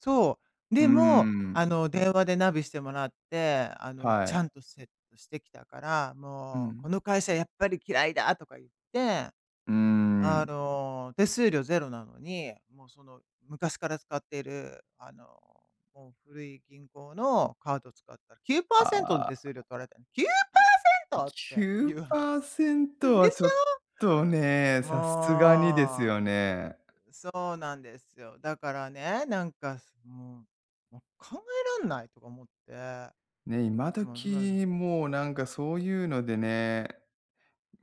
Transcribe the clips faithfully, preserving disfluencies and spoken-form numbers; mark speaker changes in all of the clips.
Speaker 1: そう、
Speaker 2: うー
Speaker 1: でも、あ
Speaker 2: ん。
Speaker 1: の、電話でナビしてもらって、あの、
Speaker 2: は
Speaker 1: ちゃ
Speaker 2: い。
Speaker 1: んとセットしてきたから、
Speaker 2: う
Speaker 1: もう、
Speaker 2: ん。
Speaker 1: 「この会社やっぱり嫌いだ」とか言って。
Speaker 2: うー
Speaker 1: あ
Speaker 2: ん。
Speaker 1: の、手数料ぜろなのに、もう、その昔から使っている、あの、もう古い銀行のカード使ったらきゅうパーセントの
Speaker 2: あ
Speaker 1: 手
Speaker 2: あ。
Speaker 1: 数料取られた。きゅうパーセ
Speaker 2: き
Speaker 1: ント？！っ
Speaker 2: ゅ
Speaker 1: て
Speaker 2: う
Speaker 1: いうは
Speaker 2: パーセント
Speaker 1: で
Speaker 2: は
Speaker 1: し
Speaker 2: ちょっとね、
Speaker 1: ょ？
Speaker 2: さすがにです
Speaker 1: も
Speaker 2: よ
Speaker 1: う。
Speaker 2: ね。
Speaker 1: そうなんですよ。だからね、なんかすもう、も考えらんないとか思って。ま
Speaker 2: ね、今
Speaker 1: あ、まず
Speaker 2: 時もうなんかそういうのでね、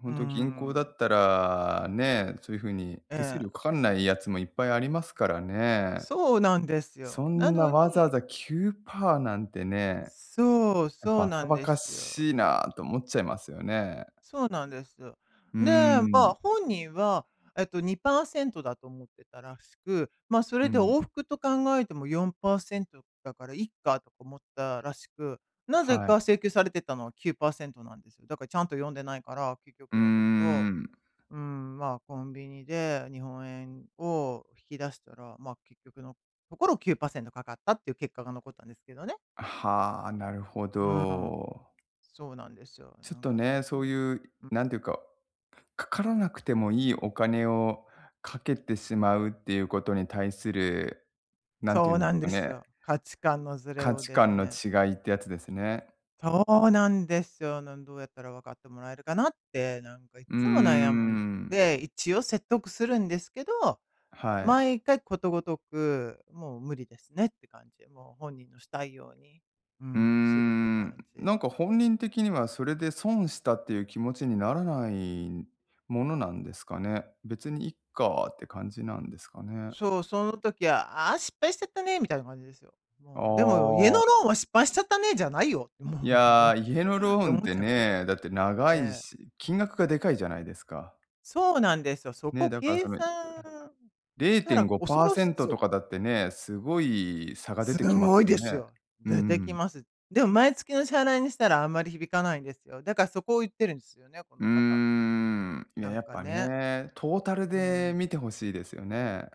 Speaker 2: ほ
Speaker 1: うー
Speaker 2: んと銀行だ
Speaker 1: ん。
Speaker 2: ったら、ね、そういうふうに
Speaker 1: え
Speaker 2: 手数
Speaker 1: え。
Speaker 2: 料かかんないやつもいっぱいありますからね。
Speaker 1: そうなんです
Speaker 2: そ
Speaker 1: よ。な
Speaker 2: んな
Speaker 1: の
Speaker 2: わざわ
Speaker 1: に
Speaker 2: ざきゅうパーなんてね。
Speaker 1: そう、そう
Speaker 2: 馬
Speaker 1: な
Speaker 2: 鹿
Speaker 1: ん
Speaker 2: 馬
Speaker 1: で
Speaker 2: 鹿
Speaker 1: すよ。
Speaker 2: しいなと思っちゃいますよね。
Speaker 1: そうなんですよ。
Speaker 2: うー
Speaker 1: で、ま
Speaker 2: ん。
Speaker 1: あ、本人はえっと、にパーセントだと思ってたらしく、まあ、そ
Speaker 2: う
Speaker 1: れで
Speaker 2: ん。
Speaker 1: 往復と考えてもよんパーセントだからいっかとか思ったらしく、なぜ
Speaker 2: は
Speaker 1: か
Speaker 2: い。
Speaker 1: 請求されてたのはきゅうパーセントなんですよ。だからちゃんと読んでないから、結
Speaker 2: うー
Speaker 1: 局のところ、
Speaker 2: ん。
Speaker 1: うーん、まあ、コンビニで日本円を引き出したら、まあ、結局のところきゅうパーセントかかったっていう結果が残ったんですけどね。
Speaker 2: はあ、なるほ
Speaker 1: うーん、
Speaker 2: ど。
Speaker 1: そうなんですよ。
Speaker 2: ちょっ
Speaker 1: なん
Speaker 2: と
Speaker 1: かそ
Speaker 2: ね、そう
Speaker 1: こ
Speaker 2: いう
Speaker 1: をん。
Speaker 2: なんていうか、かからなくてもいいお金をかけてしまうっていうことに対する、何て
Speaker 1: そ
Speaker 2: 言う
Speaker 1: う
Speaker 2: んで
Speaker 1: な
Speaker 2: す
Speaker 1: ん
Speaker 2: か
Speaker 1: です
Speaker 2: ね。
Speaker 1: よ。価値観のずれ
Speaker 2: 価
Speaker 1: を
Speaker 2: 値
Speaker 1: です
Speaker 2: 観の
Speaker 1: ね。
Speaker 2: 違いってやつですね。
Speaker 1: そうなんでっすよ、なんどうやったら分かってもらえるかなって、なんかいっ
Speaker 2: うー
Speaker 1: つも悩むん
Speaker 2: ん。
Speaker 1: で、いちお説得するんですけど、
Speaker 2: はい。
Speaker 1: 毎回ことごとく、もう無理ですねって感じ。もう本人のしたいように、うー
Speaker 2: うー
Speaker 1: ん、するって
Speaker 2: ん、
Speaker 1: 感じ。
Speaker 2: なんか本人的にはそれで損したっていう気持ちにならないものなんですかね？「別にいっか」って感じなんですかね。
Speaker 1: そう、その時は、「ああ、失敗しちゃったね」みたいな感じですよ。
Speaker 2: あ
Speaker 1: もう、でも、家の
Speaker 2: あ。
Speaker 1: ローンは失敗しちゃったねじゃないよ、
Speaker 2: い
Speaker 1: もうなん
Speaker 2: や、
Speaker 1: か、
Speaker 2: 家のロ
Speaker 1: って
Speaker 2: ーン
Speaker 1: 思
Speaker 2: っ
Speaker 1: っ
Speaker 2: て
Speaker 1: ちゃうんですよ。
Speaker 2: ね、だって長い
Speaker 1: ええ。
Speaker 2: し、金額がでかいじゃないですか。
Speaker 1: そうなんですよ。そ
Speaker 2: ね、
Speaker 1: こ
Speaker 2: だから
Speaker 1: 計
Speaker 2: そのい
Speaker 1: 算
Speaker 2: れ
Speaker 1: し
Speaker 2: い
Speaker 1: た
Speaker 2: てん
Speaker 1: ら
Speaker 2: ご
Speaker 1: 恐
Speaker 2: パー
Speaker 1: ろ
Speaker 2: セ
Speaker 1: し
Speaker 2: ント
Speaker 1: そ
Speaker 2: と
Speaker 1: う。
Speaker 2: かだってね、すごい差が出
Speaker 1: す
Speaker 2: てき
Speaker 1: ん
Speaker 2: ま
Speaker 1: ご
Speaker 2: す
Speaker 1: い
Speaker 2: よ
Speaker 1: です
Speaker 2: ね。
Speaker 1: よ。
Speaker 2: う
Speaker 1: 出て
Speaker 2: んう
Speaker 1: き
Speaker 2: ん。
Speaker 1: ます。でも毎月の支払いにしたらあんまり響かないんですよ。だから、そこを言ってるんですよね、こ
Speaker 2: うー
Speaker 1: の方、ほんとに。
Speaker 2: ん、いや、
Speaker 1: なん
Speaker 2: やっ
Speaker 1: か
Speaker 2: ぱ
Speaker 1: ね。
Speaker 2: ね、トータル
Speaker 1: うんう
Speaker 2: で
Speaker 1: ん。
Speaker 2: 見て欲しいですよね。